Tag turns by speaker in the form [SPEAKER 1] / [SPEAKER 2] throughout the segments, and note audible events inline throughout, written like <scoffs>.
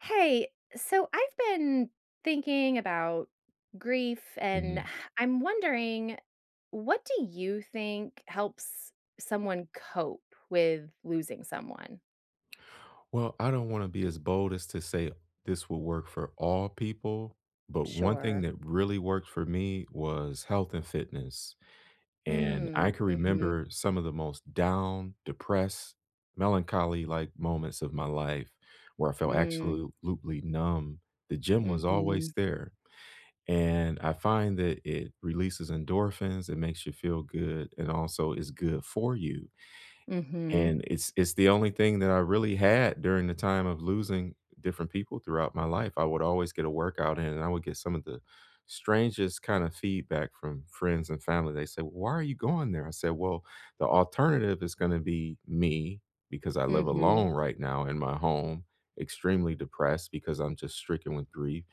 [SPEAKER 1] Hey. So I've been thinking about grief, and
[SPEAKER 2] Mhm.
[SPEAKER 1] <scoffs> I'm wondering what do you think helps someone cope with losing someone?
[SPEAKER 2] Well, I don't wanna be as bold as to say this will work for all people, but one thing
[SPEAKER 1] Sure.
[SPEAKER 2] that really worked for me was health and fitness. And I
[SPEAKER 1] Mm,
[SPEAKER 2] can
[SPEAKER 1] mhm.
[SPEAKER 2] remember some of the most down, depressed, melancholy-like moments of my life where I felt
[SPEAKER 1] Mm.
[SPEAKER 2] absolutely numb. The gym was always
[SPEAKER 1] Mhm.
[SPEAKER 2] there, and I find that it releases endorphins, it makes you feel good, and also is good for you
[SPEAKER 1] Mhm.
[SPEAKER 2] and it's it's the only thing that I really had during the time of losing different people throughout my life. I would always get a workout in, and I would get some of the strangest kinda feedback from friends and family. They said, "Why are you going there?" I said, "Well, the alternative is gonna be me, because I live
[SPEAKER 1] Mhm.
[SPEAKER 2] alone right now in my home, extremely depressed because I'm just stricken with grief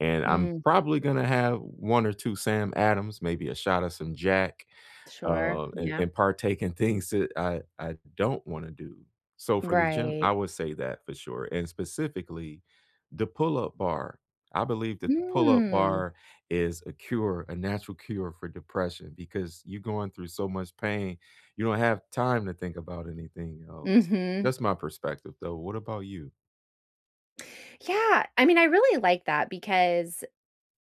[SPEAKER 2] and I'm
[SPEAKER 1] Mm.
[SPEAKER 2] probably gonna have 1 or 2 Sam Adams, maybe a shot of some Jack,
[SPEAKER 1] Sure,
[SPEAKER 2] uh, a
[SPEAKER 1] yeah.
[SPEAKER 2] and partake in things that I I don't wanna do." So for the gym,
[SPEAKER 1] Right.
[SPEAKER 2] I would say that for sure, and specifically, the pull up bar. I believe that the pull up
[SPEAKER 1] Mm.
[SPEAKER 2] bar is a cure, a natural cure for depression because you're going through so much pain, you don't have time to think about anything else.
[SPEAKER 1] Mhm.
[SPEAKER 2] That's my perspective, though. What about you?
[SPEAKER 1] Yeah. I mean, I really like that because,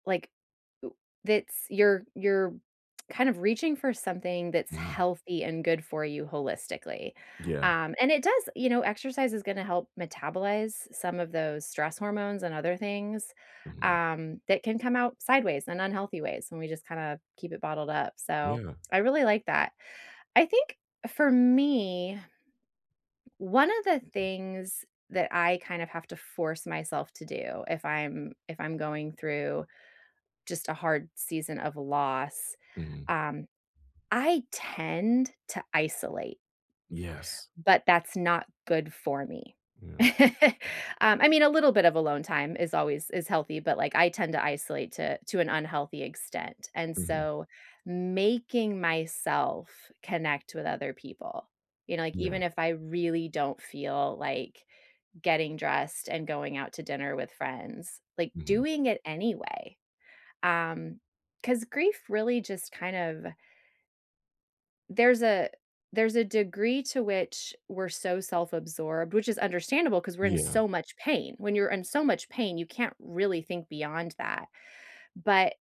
[SPEAKER 1] like, w it's you're you're kind of reaching for something that's
[SPEAKER 2] Mhm.
[SPEAKER 1] healthy and good for you holistically,
[SPEAKER 2] Yeah.
[SPEAKER 1] um, and it does you know, exercise is gonna help metabolize some of those stress hormones and other things,
[SPEAKER 2] Mhm.
[SPEAKER 1] um, that can come out sideways and unhealthy ways when we just kinda keep it bottled up. So,
[SPEAKER 2] Yeah.
[SPEAKER 1] I really like that. I think for me, one of the things that I kind of have to force myself to do if I'm if I'm going through just a hard season of loss,
[SPEAKER 2] Mhm.
[SPEAKER 1] um, I tend to isolate
[SPEAKER 2] Yes.
[SPEAKER 1] but that's not good for me.
[SPEAKER 2] Yeah.
[SPEAKER 1] <chuckles> Um, I mean, a little bit of alone time is always is healthy, but, like, I tend to isolate to to an unhealthy extent, and
[SPEAKER 2] Mhm.
[SPEAKER 1] so, making myself connect with other people, you know, like,
[SPEAKER 2] Yeah.
[SPEAKER 1] even if I really don't feel like getting dressed and going out to dinner with friends, like,
[SPEAKER 2] Mhm.
[SPEAKER 1] doing it anyway, um, 'cause grief really just kind of there's a there's a degree to which we're so self-absorbed which is understandable 'cause we're in
[SPEAKER 2] Yeah.
[SPEAKER 1] so much pain. When you're in so much pain, you can't really think beyond that, but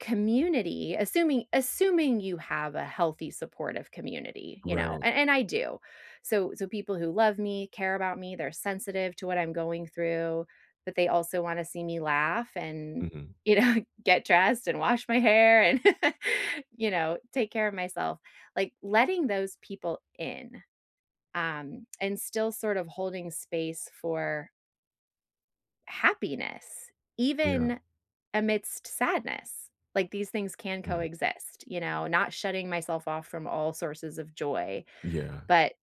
[SPEAKER 1] community assuming assuming you have a healthy supportive community, you know,
[SPEAKER 2] Right.
[SPEAKER 1] and and I do. So so, people who love me, care about me, they're sensitive to what I'm going through, but they also wanna see me laugh and,
[SPEAKER 2] Mhm.
[SPEAKER 1] you know, get dressed and wash my hair and, <laughs> you know, take care of myself. Like, letting those people in, um, and still sort of holding space for happiness
[SPEAKER 2] Yeah.
[SPEAKER 1] even amidst sadness. Like, these things can
[SPEAKER 2] Mm.
[SPEAKER 1] coexist, you know? Not shutting myself off from all sources of joy,
[SPEAKER 2] Yeah.
[SPEAKER 1] but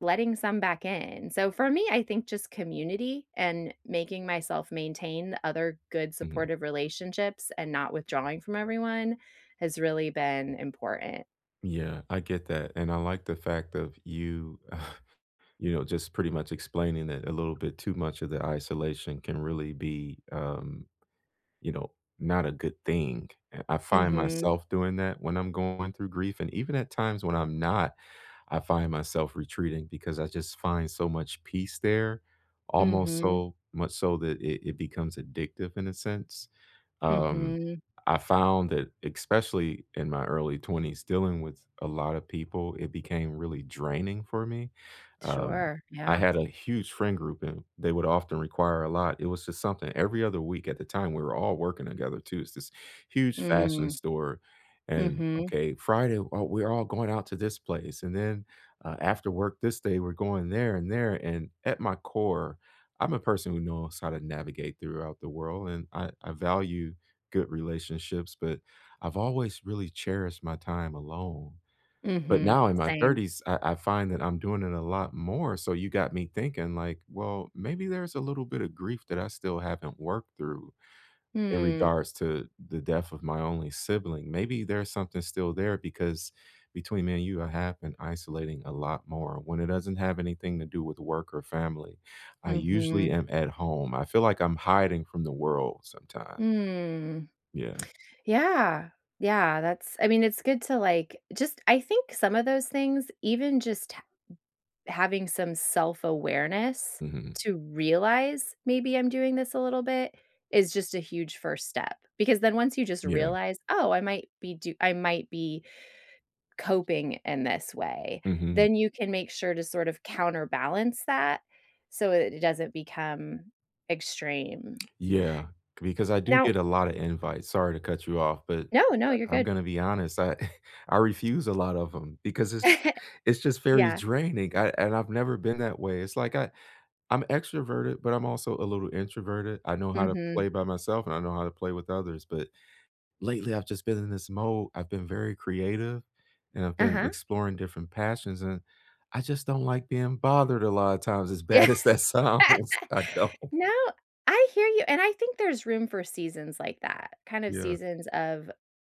[SPEAKER 1] letting some back in. So, for me, I think just community and making myself maintain other good
[SPEAKER 2] Mhm.
[SPEAKER 1] supportive relationships and not withdrawing from everyone has really been important.
[SPEAKER 2] Yeah. I get that, and I like the fact of you, <chuckles> you know, just pretty much explaining that a little bit too much of the isolation can really be, um, you know, not a good thing, eh, I find
[SPEAKER 1] Mhm.
[SPEAKER 2] myself doing that when I'm going through grief and even at times when I'm not, I find myself retreating because I just find so much peace there, almost
[SPEAKER 1] Mhm.
[SPEAKER 2] so much so that it it becomes addictive in a sense. Um,
[SPEAKER 1] Mhm.
[SPEAKER 2] I found that, especially in my early 20s dealing with a lotta people, it became really draining for me. Um,
[SPEAKER 1] Sure,
[SPEAKER 2] I
[SPEAKER 1] yeah.
[SPEAKER 2] had a huge friend group, and they would often require a lot. It was just something every other week at the time, we were all working together too. It's this huge fashion
[SPEAKER 1] Mm.
[SPEAKER 2] store and,
[SPEAKER 1] Mhm.
[SPEAKER 2] "Okay, Friday. Oh, we're all going out to this place and then, uh, after work this day, we're going there and there," and at my core, I'm a person who knows how to navigate throughout the world, and I I value good relationships, but I've always really cherished my time alone. But
[SPEAKER 1] Mhm.
[SPEAKER 2] now in my
[SPEAKER 1] Same.
[SPEAKER 2] 30s, I I find that I'm doing it a lot more, so you got me thinking, like, "Well, maybe there's a little bit of grief that I still haven't worked through in
[SPEAKER 1] Mm.
[SPEAKER 2] regards to the death of my only sibling. Maybe there's something still there," because, between me and you, I have been isolating a lot more when it doesn't have anything to do with work or family. I usually
[SPEAKER 1] Mhm.
[SPEAKER 2] am at home. I feel like I'm hiding from the world sometimes.
[SPEAKER 1] Mm.
[SPEAKER 2] Yeah.
[SPEAKER 1] Yeah. Yeah, that's I mean, it's good to, like just I think some of those things, even just h having some self-awareness
[SPEAKER 2] Mhm.
[SPEAKER 1] to realize, "Maybe I'm doing this a little bit," is just a huge 1st step. Because then once you just
[SPEAKER 2] Yeah.
[SPEAKER 1] realize, "Oh, I might be do I might be coping in this way,"
[SPEAKER 2] Mhm.
[SPEAKER 1] then you can make sure to sort of counterbalance that so it it doesn't become extreme.
[SPEAKER 2] Yeah, c because I do
[SPEAKER 1] Now
[SPEAKER 2] get a lotta invites. Sorry to cut you off, but
[SPEAKER 1] No, no, you're
[SPEAKER 2] I I'm
[SPEAKER 1] good.
[SPEAKER 2] gonna be honest. I <chuckles> I refuse a lot of 'em because it's
[SPEAKER 1] <laughs>
[SPEAKER 2] it's just very
[SPEAKER 1] Yeah.
[SPEAKER 2] draining. I and I've never been that way. It's like I I'm extroverted, but I'm also a little introverted. I know how to
[SPEAKER 1] Mhm.
[SPEAKER 2] play by myself, and I know how to play with others but lately, I've just been in this mode. I've been very creative, and I've been
[SPEAKER 1] Uh-huh.
[SPEAKER 2] exploring different passions, and I just don't like being bothered a lotta times as bad
[SPEAKER 1] Yeah.
[SPEAKER 2] as that
[SPEAKER 1] <laughs>
[SPEAKER 2] sounds. I don't.
[SPEAKER 1] No. I hear you and I think there's room for seasons like that, kind of
[SPEAKER 2] Yeah.
[SPEAKER 1] seasons of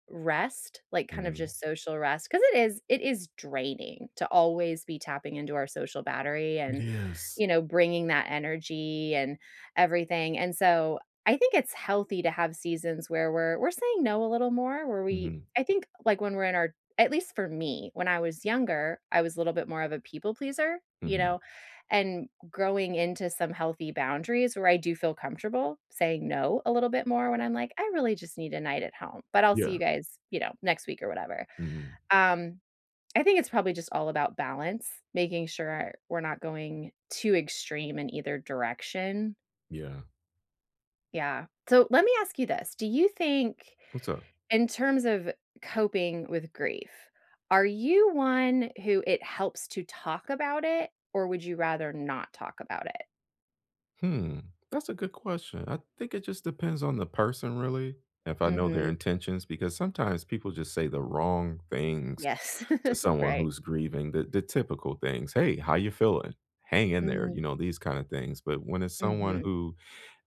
[SPEAKER 1] rest, like, kind of
[SPEAKER 2] Mhm.
[SPEAKER 1] just social rest. 'Cause it is it is draining to always be tapping into our social battery
[SPEAKER 2] It
[SPEAKER 1] and,
[SPEAKER 2] is.
[SPEAKER 1] you know, bringing that energy and everything and so I think it's healthy to have seasons where we're we're saying no a little more, where we
[SPEAKER 2] Mhm.
[SPEAKER 1] I think, like, when we're in our at least for me, when I was younger, I was a little bit more of a people pleaser, you
[SPEAKER 2] Mhm.
[SPEAKER 1] know? And growing into some healthy boundaries where I do feel comfortable saying "No" a little bit more when I'm like, "I really just need a night at home, but I'll see you
[SPEAKER 2] Yeah.
[SPEAKER 1] guys, you know, next week or whatever."
[SPEAKER 2] Mhm.
[SPEAKER 1] Um, I think it's probably just all about balance, making sure we're not going too extreme in either direction.
[SPEAKER 2] Yeah.
[SPEAKER 1] Yeah. So let me ask you this. Do you think-
[SPEAKER 2] What's up?
[SPEAKER 1] in terms of coping with grief- are you one who it helps to talk about it, or would you rather not talk about it?
[SPEAKER 2] Hmm. That's a good question. I think it just depends on the person, really, if I know their
[SPEAKER 1] Mhm.
[SPEAKER 2] intentions because sometimes people just say the wrong things
[SPEAKER 1] Yes.
[SPEAKER 2] to
[SPEAKER 1] <giggles>
[SPEAKER 2] someone
[SPEAKER 1] Right.
[SPEAKER 2] who's grieving, the the typical things. "Hey, how ya feeling? Hang in there." You
[SPEAKER 1] Mhm.
[SPEAKER 2] know, these kinda things. But when it's someone
[SPEAKER 1] Mhm.
[SPEAKER 2] who,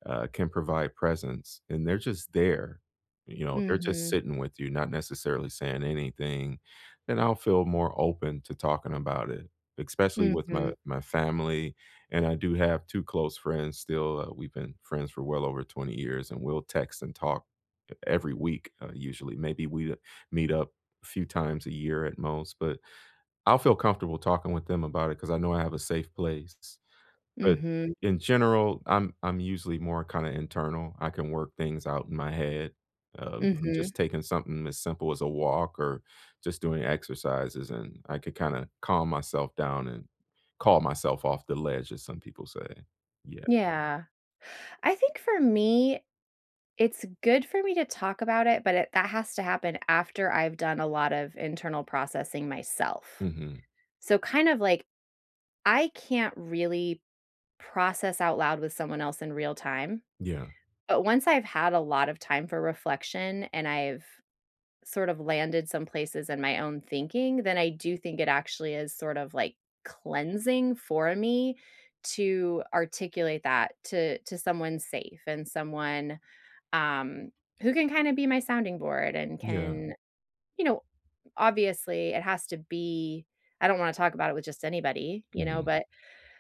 [SPEAKER 2] uh, can provide presence and they're just there, you know, they're just
[SPEAKER 1] Mhm.
[SPEAKER 2] sitting with you, not necessarily saying anything, then I'll feel more open to talking about it, especially with
[SPEAKER 1] Mhm.
[SPEAKER 2] my my family. And I do have 2 close friends still, uh, we've been friends for well over 20 years, and we'll text and talk, uh, every week, uh, usually. Maybe we, uh, meet up few times a year at most, but I'll feel comfortable talking with them about it 'cause I know I have a safe place. But
[SPEAKER 1] Mhm.
[SPEAKER 2] in general, I'm I'm usually more kinda internal. I can work things out in my head, um, from
[SPEAKER 1] Mhm.
[SPEAKER 2] just taking something as simple as a walk or just doing exercises, and I could kinda calm myself down and call myself off the ledge as some people say. Yeah.
[SPEAKER 1] Yeah. I think for me, it's good for me to talk about it, but it that has to happen after I've done a lot of internal processing myself.
[SPEAKER 2] Mhm.
[SPEAKER 1] So, kind of, like, I can't really process out loud with someone else in real time.
[SPEAKER 2] Yeah.
[SPEAKER 1] But once I've had a lot of time for reflection and I've sort of landed some places in my own thinking, then I do think it actually is sort of, like, cleansing for me to articulate that to to someone safe and someone, um, who can kinda be my sounding board and
[SPEAKER 2] Yeah.
[SPEAKER 1] can you know, obviously, it has to be I don't wanna talk about it with just anybody, you know?
[SPEAKER 2] Mhm.
[SPEAKER 1] But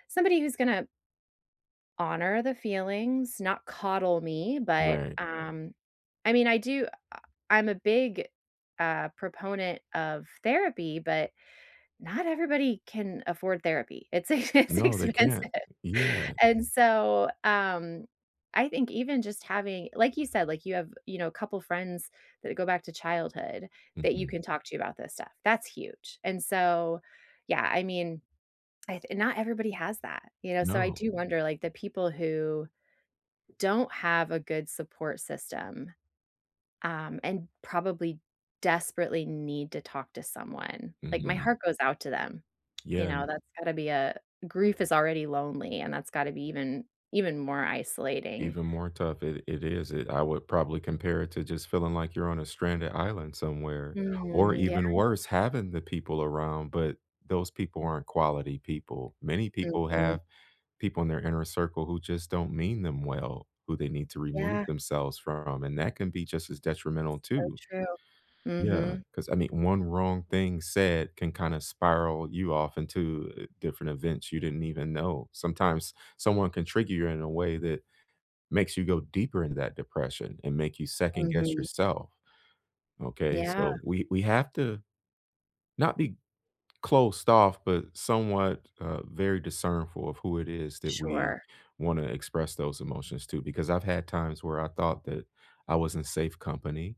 [SPEAKER 1] somebody who's gonna honor the feelings, not coddle me. But,
[SPEAKER 2] Right.
[SPEAKER 1] um, I mean, I do I I'm a big, uh, proponent of therapy, but not everybody can afford therapy. It's e it's
[SPEAKER 2] No, they can't.
[SPEAKER 1] expensive.
[SPEAKER 2] Yeah.
[SPEAKER 1] And so, um, I think even just having like you said, like, you have, you know, couple friends that go back to childhood that you
[SPEAKER 2] Mhm.
[SPEAKER 1] can talk to about this stuff. That's huge. And so yeah, I mean, I th not everybody has that, you know? So I
[SPEAKER 2] No.
[SPEAKER 1] do wonder, like, the people who don't have a good support system, um, and probably desperately need to talk to someone. Like, my
[SPEAKER 2] Mhm.
[SPEAKER 1] heart goes out to them, you
[SPEAKER 2] Yeah
[SPEAKER 1] know? That's gotta be a grief is already lonely, and that's gotta be even even more isolating.
[SPEAKER 2] Even more tough. It it is. It I would probably compare it to just feeling like you're on a stranded island somewhere or
[SPEAKER 1] Mm, yeah.
[SPEAKER 2] even worse, having the people around, but those people aren't quality people. Many people
[SPEAKER 1] Mhm.
[SPEAKER 2] have people in their inner circle who just don't mean them well, who they need to remove
[SPEAKER 1] Yeah.
[SPEAKER 2] themselves from, and that can be just as detrimental
[SPEAKER 1] So
[SPEAKER 2] too.
[SPEAKER 1] true.
[SPEAKER 2] Yeah.
[SPEAKER 1] Mhm.
[SPEAKER 2] 'Cause, I mean, 1 wrong thing said can kinda spiral you off into, uh, different events you didn't even know. Sometimes someone can trigger you in a way that makes you go deeper into that depression and make you second guess
[SPEAKER 1] Mhm.
[SPEAKER 2] yourself. Okay?
[SPEAKER 1] Yeah.
[SPEAKER 2] So we we have to, not be closed off, but somewhat, uh, very discernful of who it is that we
[SPEAKER 1] Sure.
[SPEAKER 2] wanna express those emotions to because I've had times where I thought that I was in safe company,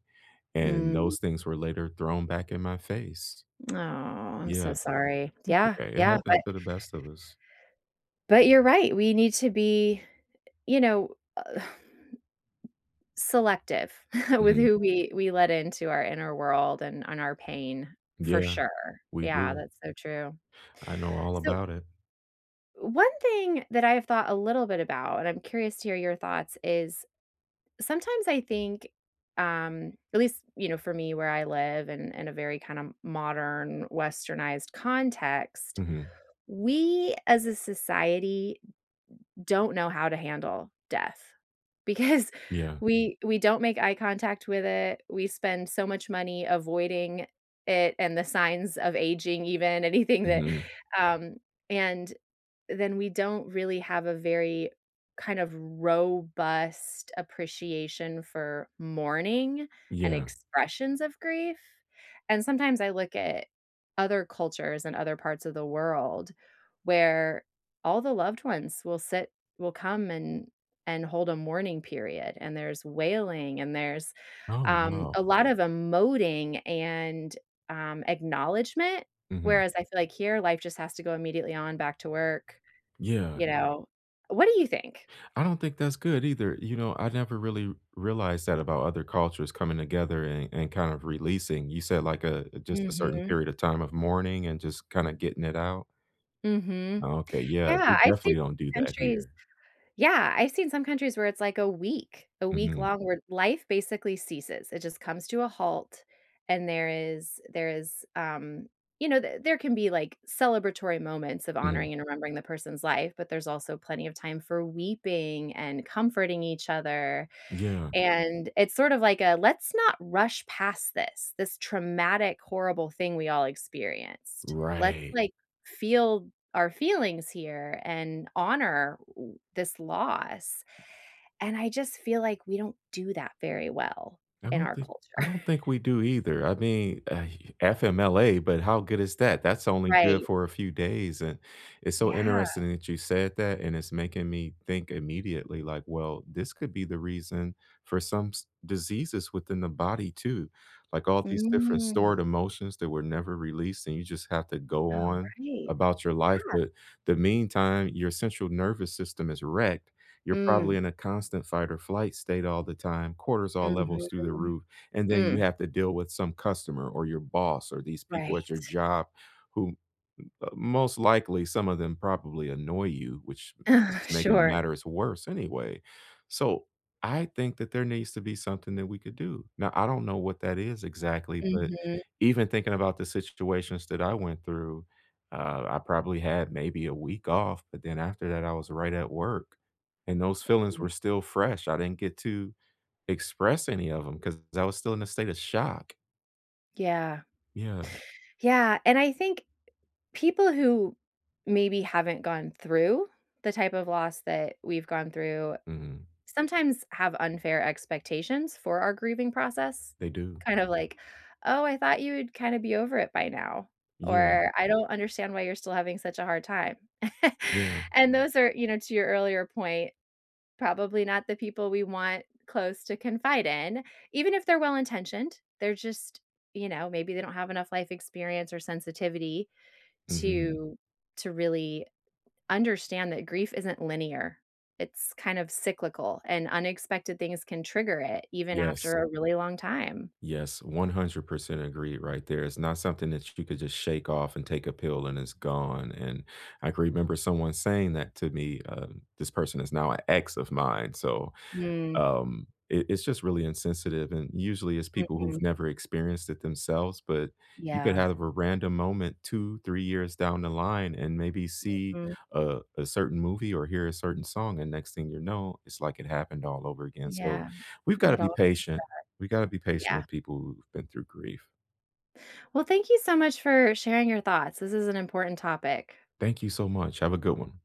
[SPEAKER 2] and
[SPEAKER 1] Mm.
[SPEAKER 2] those things were later thrown back in my face.
[SPEAKER 1] Oh, I'm so
[SPEAKER 2] Yeah.
[SPEAKER 1] sorry.
[SPEAKER 2] That's
[SPEAKER 1] Yeah.
[SPEAKER 2] okay. It
[SPEAKER 1] Yeah.
[SPEAKER 2] happens
[SPEAKER 1] But
[SPEAKER 2] to the best of us.
[SPEAKER 1] But you're right. We need to be, you know, uh, <exhales> selective <chuckles> with
[SPEAKER 2] Mhm.
[SPEAKER 1] who we we let into our inner world and on our pain for
[SPEAKER 2] Yeah.
[SPEAKER 1] sure.
[SPEAKER 2] We
[SPEAKER 1] Yeah.
[SPEAKER 2] do.
[SPEAKER 1] That's so true.
[SPEAKER 2] I know all
[SPEAKER 1] So
[SPEAKER 2] about it.
[SPEAKER 1] one thing that I have thought a little bit about, and I'm curious to hear your thoughts, is sometimes I think, um, at least, you know, for me where I live in in a very kind of modern, westernized context,
[SPEAKER 2] Mhm.
[SPEAKER 1] we, as a society, don't know how to handle death because
[SPEAKER 2] Yeah.
[SPEAKER 1] we we don't make eye contact with it. We spend so much money avoiding it and the signs of aging even, anything that,
[SPEAKER 2] Mhm.
[SPEAKER 1] um and then we don't really have a very kind of robust appreciation for mourning and
[SPEAKER 2] Yeah.
[SPEAKER 1] expressions of grief. And sometimes I look at other cultures and other parts of the world where all the loved ones will sit will come and and hold a mourning period. And there's wailing, and there's,
[SPEAKER 2] Oh,
[SPEAKER 1] um,
[SPEAKER 2] no.
[SPEAKER 1] a lot of emoting and, um, acknowledgment.
[SPEAKER 2] Mhm.
[SPEAKER 1] Whereas I feel like here, life just has to go immediately on back to work.
[SPEAKER 2] Yeah.
[SPEAKER 1] You know? What do you think?
[SPEAKER 2] I don't think that's good either. You know, I never really realized that about other cultures coming together and and kind of releasing. You said, like, a just a certain
[SPEAKER 1] Mhm.
[SPEAKER 2] period of time of mourning and just kinda getting it out.
[SPEAKER 1] Mhm.
[SPEAKER 2] Oh, okay. Yeah.
[SPEAKER 1] Yeah.
[SPEAKER 2] We
[SPEAKER 1] I've seen
[SPEAKER 2] definitely don't do that
[SPEAKER 1] countries
[SPEAKER 2] here.
[SPEAKER 1] yeah, I seen some countries where it's like a week, a week
[SPEAKER 2] Mhm.
[SPEAKER 1] long where life basically ceases. It just comes to a halt, and there is there is, um, you know, th there can be, like, celebratory moments of
[SPEAKER 2] Mhm.
[SPEAKER 1] honoring and remembering the person's life, but there's also plenty of time for weeping and comforting each other.
[SPEAKER 2] Yeah.
[SPEAKER 1] And it's sort of like a "Let's not rush past this, this traumatic, horrible thing we all experienced. Let's,
[SPEAKER 2] Right.
[SPEAKER 1] like, feel our feelings here and honor w this loss." And I just feel like we don't do that very well
[SPEAKER 2] I
[SPEAKER 1] in
[SPEAKER 2] don't
[SPEAKER 1] our
[SPEAKER 2] think
[SPEAKER 1] culture.
[SPEAKER 2] I don't think
[SPEAKER 1] <laughs>
[SPEAKER 2] we do either. I mean, uh, FMLA, but how good is that? That's only good
[SPEAKER 1] Right.
[SPEAKER 2] for a few days. And it's so
[SPEAKER 1] Yeah.
[SPEAKER 2] interesting that you said that, and it's making me think immediately, like, well, this could be the reason for some s diseases within the body too, like all these different stored
[SPEAKER 1] Mm.
[SPEAKER 2] emotions that were never released, and you just have to go
[SPEAKER 1] Oh, right.
[SPEAKER 2] on
[SPEAKER 1] Yeah.
[SPEAKER 2] about your life. But the meantime, your central nervous system is wrecked. You're probably
[SPEAKER 1] Mm.
[SPEAKER 2] in a constant fight or flight state all the time, cortisol
[SPEAKER 1] Mhm.
[SPEAKER 2] levels through the roof, and then you
[SPEAKER 1] Mm.
[SPEAKER 2] have to deal with some customer or your boss or these people at your
[SPEAKER 1] Right.
[SPEAKER 2] job who, uh, most likely, some of them probably annoy you, which is
[SPEAKER 1] <laughs>
[SPEAKER 2] making
[SPEAKER 1] Sure.
[SPEAKER 2] matters worse anyway. So, I think that there needs to be something that we could do. Now I don't know what that is exactly, but
[SPEAKER 1] Mhm.
[SPEAKER 2] even thinking about the situations that I went through, uh, I probably had maybe a week off, but then after that, I was right at work. And those feelings were still fresh. I didn't get to express any of them 'cause I was still in a state of shock.
[SPEAKER 1] Yeah.
[SPEAKER 2] Yeah.
[SPEAKER 1] Yeah, and I think people who maybe haven't gone through the type of loss that we've gone through
[SPEAKER 2] Mhm.
[SPEAKER 1] sometimes have unfair expectations for our grieving process.
[SPEAKER 2] They do.
[SPEAKER 1] Kind of like, "Oh, I thought you would kinda be over it by now,"
[SPEAKER 2] Yeah.
[SPEAKER 1] or "I don't understand why you're still having such a hard time." <chuckles>
[SPEAKER 2] Yeah.
[SPEAKER 1] And those are, you know, to your earlier point, probably not the people we want close to confide in. Even if they're well intentioned, they're just you know, maybe they don't have enough life experience or sensitivity
[SPEAKER 2] Mhm.
[SPEAKER 1] to to really understand that grief isn't linear. It's kind of cyclical, and unexpected things can trigger it even
[SPEAKER 2] Yes.
[SPEAKER 1] after a really long time.
[SPEAKER 2] Yes, 100% agree right there. It's not something that sh you could just shake off and take a pill and it's gone, and I can remember someone saying that to me. Um, this person is now a ex of mine, so,
[SPEAKER 1] Mm.
[SPEAKER 2] um, it it's just really insensitive, and usually, it's people who've
[SPEAKER 1] Mhm.
[SPEAKER 2] never experienced it themselves, but you could
[SPEAKER 1] Yeah.
[SPEAKER 2] have a random moment 2, 3 years down the line and maybe see
[SPEAKER 1] Mhm.
[SPEAKER 2] a a certain movie or hear a certain song, and next thing you know, it's like it happened all over again, so,
[SPEAKER 1] Yeah.
[SPEAKER 2] we've gotta
[SPEAKER 1] It all
[SPEAKER 2] be
[SPEAKER 1] comes
[SPEAKER 2] patient.
[SPEAKER 1] back.
[SPEAKER 2] We gotta be patient
[SPEAKER 1] Yeah.
[SPEAKER 2] with people who've been through grief.
[SPEAKER 1] Well, thank you so much for sharing your thoughts. This is an important topic.
[SPEAKER 2] Thank you so much. Have a good one.